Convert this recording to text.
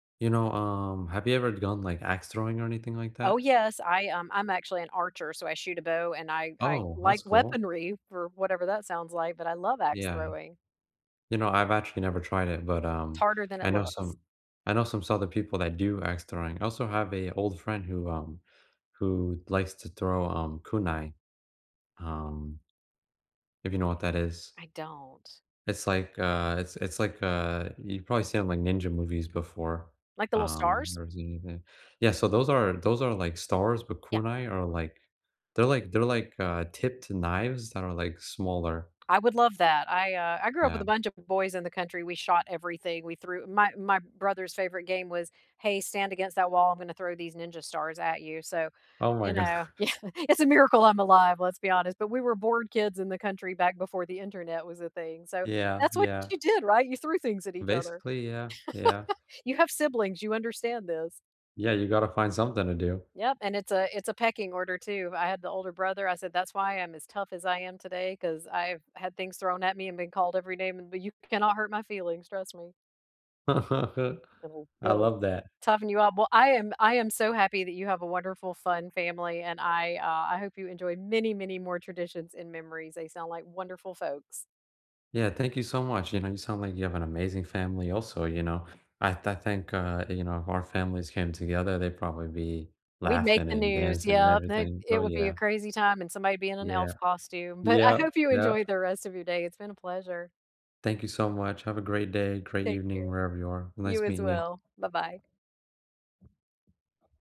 You know, um, have you ever done, like, axe throwing or anything like Oh, that? yes. I, um I'm actually an archer, so I shoot a bow and I I Oh, like that's cool. weaponry for whatever that sounds like, but I love axe Yeah. throwing. You know, I've actually never tried it, but, T um, harder than I it know looks. some I know some sorta people that do axe throwing. I also have a old friend who, um who likes to throw, um, kunai, um if you know what that is. I don't. It's, like, uh it's it's like, uh you've probably seen it on, like, ninja movies before. Like the little Um stars? [unintelligible] Yeah, so those are those are, like, stars, but Yeah. kunai are, like they're, like they're, like, uh, tipped knives that are, like, smaller. I would love that. I, uh I grew up with Yeah. a bunch of boys in the country, we shot everything, we threw my my brother's favorite game was “Hey, stand against that wall, I'm gonna throw these ninja stars at you,” so, Oh my you go know Yeah, it’s a miracle I’m alive, let's be honest, but we were bored kids in the country back before the internet was a thing, so Yeah, that's what yeah. you did, right? You threw things at each other. Basically, yeah, yeah. You have siblings, you understand this. Yeah, you gotta find something to do. Yep, and it's a it's a pecking order too, I had the older brother, I said, "That's why I'm as tough as I am today 'cause I've had things thrown at me and been called every name in th You cannot hurt my feelings, trust me." It’ll I it'll love that. toughen you up. Well, I am I am so happy that you have a wonderful, fun family, and I, uh I hope you enjoy many, many more traditions and memories, they sound like wonderful folks. Yeah, thank you so much, you know, you sound like you have an amazing family also, you know? I I think, uh, you know, if our families came together, they'd probably be We'd make laughing the and news, dancing and yep, it everything. Oh, it would be a yeah. crazy time and somebody would be in an Yeah. elf costume, but I Yep, hope you yep. enjoy the rest of your day, it's been a pleasure. Thank you so much, have a great day, great Take evening care. wherever you are. You Nice as meeting you. well. Bye-bye.